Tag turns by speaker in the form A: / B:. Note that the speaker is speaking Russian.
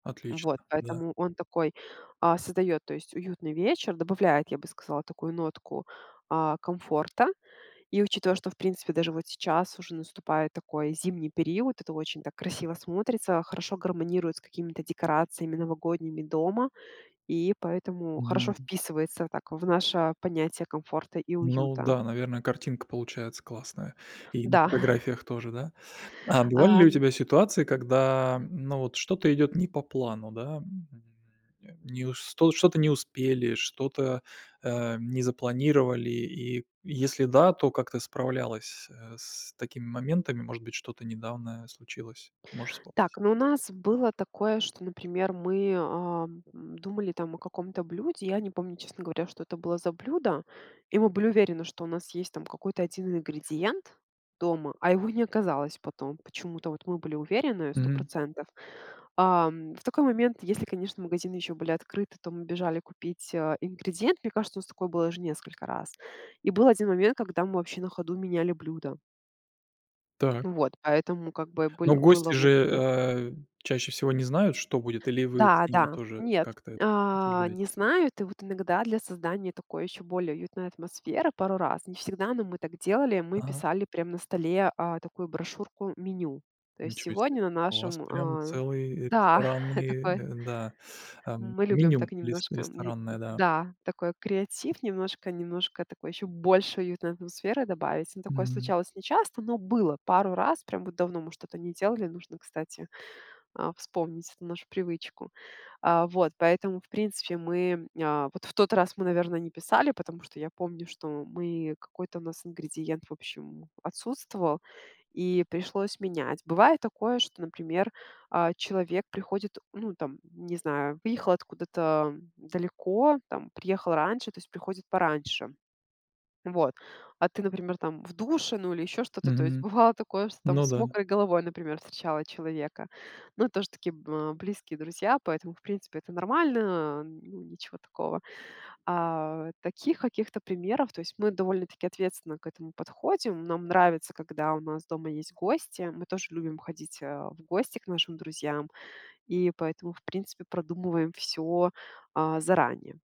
A: Отлично,
B: Вот,
A: да.
B: поэтому он такой, э, создает, то есть, уютный вечер, добавляет, я бы сказала, такую нотку, э, комфорта. И, учитывая, что в принципе даже вот сейчас уже наступает такой зимний период, это очень так красиво смотрится, хорошо гармонирует с какими-то декорациями новогодними дома. И поэтому хорошо
A: Мгм.
B: вписывается, так, в наше понятие "комфорта и
A: Ну,
B: уюта."
A: да, наверное, картинка получается классная, и на
B: Да,
A: фотографиях тоже, да? А бывали ли у
B: ам
A: тебя ситуации, когда, ну, вот что-то идёт не по плану, да. Э, не ус ну, вот что-то не успели, что-то, э, не запланировали, и если да, то как ты справлялась, э, с такими моментами, может быть, что-то недавно случилось, можешь вспомнить?
B: Так, но у нас было такое, что, например, мы, э, думали, там, о каком-то блюде, я не помню, честно говоря, что это было за блюдо, и мы были уверены, что у нас есть, там, какой-то 1 ингредиент дома, а его не оказалось потом. Почему-то вот мы были уверены, сто
A: Мгм.
B: процентов. А, в такой момент, если, конечно, магазины ещё были открыты, то мы бежали купить, э, ингредиент. Мне кажется, у нас такое было уже несколько раз. И был 1 момент, когда мы вообще на ходу меняли блюдо.
A: Так.
B: Вот, поэтому, как бы,
A: Но
B: быль
A: гости
B: было
A: же,
B: вот в итоге
A: э, чаще всего не знают, что будет, или вы
B: Да,
A: с ними
B: да,
A: тоже
B: нет,
A: как-то это
B: э,
A: обсуждаете?
B: не знают. И вот иногда для создания такой ещё более уютной атмосферы пару раз, не всегда, но мы так делали, мы
A: Ага.
B: писали прям на столе, э, такую брошюрку-меню. То есть:
A: Ничего себе.
B: "Сегодня на
A: У вас
B: нашем
A: прям
B: а-а"
A: целый, э,
B: да,
A: ресторанный, э,
B: такое
A: да, эм,
B: Мы любим
A: меню
B: так
A: рес
B: немножко, неп
A: ресторанное, да.
B: да, такой креатив, немножко, немножко такой, ещё больше уютной атмосферы добавить. Ну, такое
A: Мгм.
B: случалось нечасто, но было пару раз. Прям вот давно мы что-то не делали. Нужно, кстати, э, вспомнить эту нашу привычку. Э, вот, поэтому в принципе мы, э, вот в тот раз, мы, наверно, не писали, потому что я помню, что мы какой-то у нас ингредиент, в общем, отсутствовал, и пришлось менять. Бывает такое, что, например, э, человек приходит, ну, там, не знаю, выехал откуда-то далеко, там, приехал раньше, то есть приходит пораньше. Вот. А ты, например, там, в душе, ну или ещё что-то. То есть
A: Мгм.
B: бывало такое, что там
A: Ну,
B: с
A: да.
B: мокрой головой, например, встречала человека. Ну, тоже такие, э, близкие друзья, поэтому, в принципе- это нормально, э, ну, ничего такого. Э, таких каких-то примеров То есть, мы довольно-таки ответственно к этому подходим. Нам нравится, когда у нас дома есть гости. Мы тоже любим ходить, э, в гости к нашим друзьям и поэтому, в принципе, продумываем всё, э, заранее.